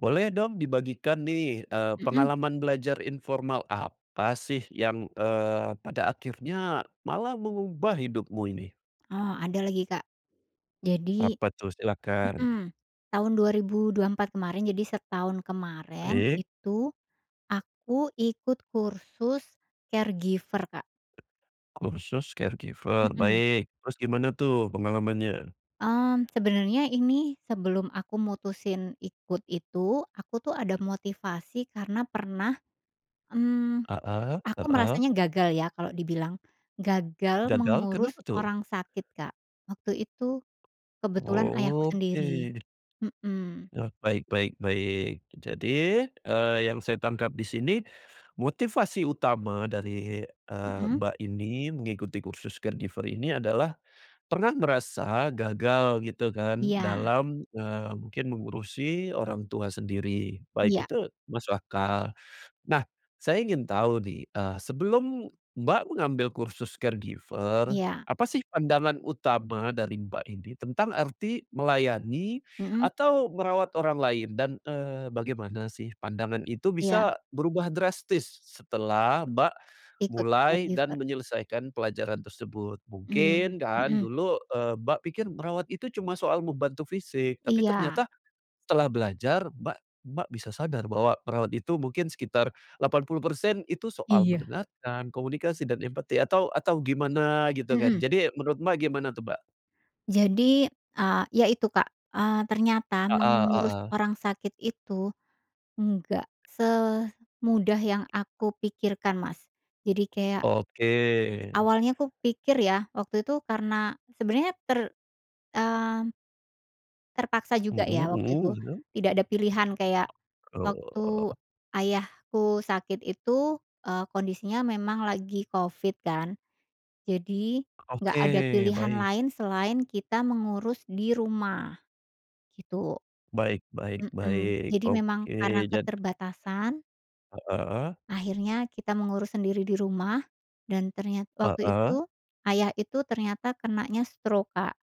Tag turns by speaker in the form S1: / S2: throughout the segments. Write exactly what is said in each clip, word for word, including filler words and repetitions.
S1: Boleh dong dibagikan nih e
S2: Mhm.
S1: pengalaman belajar informal apa sih yang eee, pada akhirnya malah mengubah hidupmu ini?
S2: Oh ada lagi, Kak. Jadi
S1: Apa tuh? Silahkan.
S2: mhm, tahun dua ribu dua empat kemarin jadi setahun kemarin
S1: Baik.
S2: itu aku ikut kursus caregiver, Kak.
S1: Kursus caregiver,
S2: Mhm.
S1: baik. Terus gimana tuh pengalamannya?
S2: Mmm, sebenarnya ini sebelum aku mutusin ikut itu, aku tuh ada motivasi karena pernah, mmm,
S1: Heeh
S2: aku
S1: heeh.
S2: merasanya gagal ya kalau dibilang gagal
S1: Gagal
S2: mengurus
S1: kenapa tuh?
S2: orang sakit, Kak. Waktu itu kebetulan ayahku
S1: Oh,
S2: sendiri.
S1: oke.
S2: Mhm.
S1: Nah, baik baik baik. Jadi, eee, yang saya tangkap di sini motivasi utama dari, eee,
S2: Mhm.
S1: Mbak ini mengikuti kursus caregiver ini adalah pernah merasa gagal gitu kan
S2: Iya.
S1: dalam, eee, mungkin mengurusi orang tua sendiri, baik
S2: Iya.
S1: itu masuk akal. Nah saya ingin tahu nih, eee, sebelum Mbak mengambil kursus caregiver,
S2: Iya.
S1: apa sih pandangan utama dari Mbak ini tentang arti melayani
S2: Mhm.
S1: atau merawat orang lain? Dan, eee, bagaimana sih pandangan itu
S2: Iya.
S1: bisa berubah drastis s setelah Mbak
S2: Ikut
S1: mulai dan
S2: caregiver.
S1: menyelesaikan pelajaran tersebut?
S2: Mhm
S1: Mungkin kan
S2: mhm.
S1: dulu, eee, Mbak pikir merawat itu cuma soal membantu fisik, tapi
S2: Iya.
S1: ternyata setelah belajar Mbak Mbak bisa sadar bahwa perawat itu mungkin sekitar delapan puluh persen itu soal
S2: Iya.
S1: mendengarkan, komunikasi dan empati, atau atau gimana gitu kan?
S2: Mhm.
S1: Jadi menurut Mbak gimana tuh, Mbak?
S2: Jadi, eee, iya itu Kak, eee, ternyata mengurus
S1: Heeh-heeh.
S2: orang sakit itu enggak semudah yang aku pikirkan Mas, jadi kayak
S1: Oke.
S2: awalnya aku pikir ya, waktu itu karena sebenarnya ter mmm terpaksa juga
S1: Mhm
S2: ya waktu itu.
S1: mhm.
S2: Tidak ada pilihan kayak
S1: [unintelligible]
S2: waktu
S1: Oh.
S2: ayahku sakit itu, eee, kondisinya memang lagi covid kan, jadi enggak ada
S1: Oke,
S2: pilihan
S1: baik.
S2: lain selain kita mengurus di rumah, gitu.
S1: Baik baik
S2: Mhm,
S1: baik.
S2: jadi
S1: Oke,
S2: memang karena
S1: jad
S2: keterbatasan
S1: Heeh, eh.
S2: akhirnya kita mengurus sendiri di rumah dan ternyat waktu
S1: Heeh.
S2: itu ayah itu ternyata kenanya stroke Kak,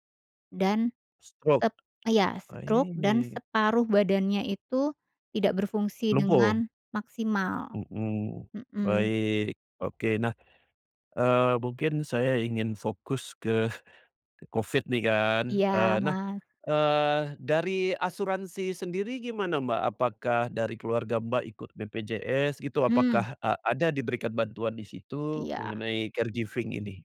S2: dan
S1: Stroke,
S2: tet iya, stroke dan
S1: aih.
S2: separuh badannya itu tidak berfungsi
S1: Lumpuh.
S2: dengan maksimal,
S1: Mhm,
S2: mhm.
S1: baik, oke. Nah, eee, mungkin saya ingin fokus ke covid nih kan, eee,
S2: Iya,
S1: nah,
S2: Mas.
S1: eee, dari asuransi sendiri gimana, Mbak? Apakah dari keluarga Mbak ikut BPJS gitu?
S2: Hmm.
S1: Apakah a ada diberikan bantuan disitu
S2: Iya.
S1: mengenai caregiving ini?